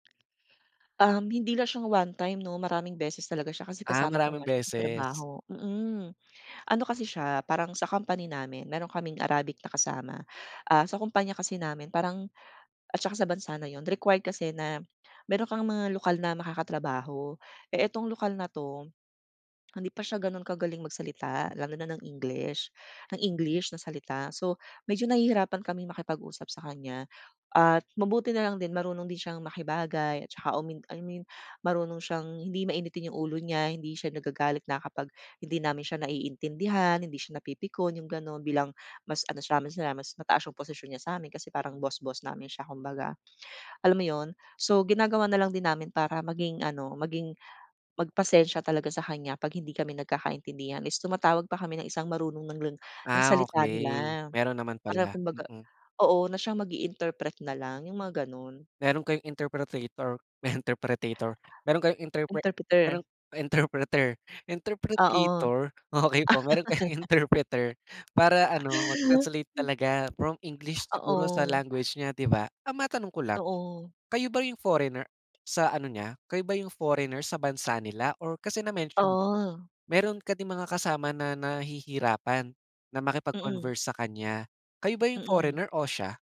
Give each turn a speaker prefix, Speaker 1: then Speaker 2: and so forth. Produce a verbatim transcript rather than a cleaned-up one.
Speaker 1: Um, hindi lang siya one time no maraming beses talaga siya kasi
Speaker 2: Ah,
Speaker 1: kasama ko
Speaker 2: maraming
Speaker 1: nga siya sa
Speaker 2: beses?
Speaker 1: trabaho, mm. Ano kasi siya parang sa company namin meron kaming Arabic na kasama. Ah, sa kumpanya kasi namin parang at saka sa bansa na iyon required kasi na meron kang mga lokal na makakatrabaho. Eh itong lokal na, ito hindi pa siya ganun kagaling magsalita lalo na ng English ng English na salita so medyo nahihirapan kaming makipag usap sa kanya at mabuti nalang din marunong din siyang makibagay at saka, um, I mean marunong siyang hindi mainitin yung ulo niya, hindi siya nagagalit na kapag hindi namin siya naiintindihan, hindi siya napipikon, yung ganun bilang mas ano siya mas mataas ang posisyon niya samin kasi parang boss-boss namin siya kumbaga. Alam mo yun? So ginagawa nalang din namin para maging ano, maging mag pasensya talaga sa kanya pag hindi kami nagkakaintindihan is tumatawag pa kami ng isang marunong ng ling ng
Speaker 2: Ah,
Speaker 1: salita
Speaker 2: okey
Speaker 1: nila.
Speaker 2: meron naman
Speaker 1: Para
Speaker 2: pala,
Speaker 1: kumbaga
Speaker 2: mm.
Speaker 1: oo na siyang mag-interpret na lang yung mga ganun.
Speaker 2: Meron kayong interpreter interpretator meron kayong interpre
Speaker 1: Interpreter?
Speaker 2: merong interpreter
Speaker 1: Oo.
Speaker 2: interpretator okey po meron kayong interpreter, para ano mag translate talaga from English siguro sa
Speaker 1: Oo.
Speaker 2: language nya di ba? Ah, matanong ko lang,
Speaker 1: Oo.
Speaker 2: kayo ba yung foreigner sa ano niya kayo ba yung foreigner sa bansa nila or kasi na mention mo
Speaker 1: Oh.
Speaker 2: meron ka ding mga kasama na nahihirapan na
Speaker 1: Mm.
Speaker 2: makipag-converse sa kanya, kayo ba yung
Speaker 1: Mm.
Speaker 2: foreigner o siya?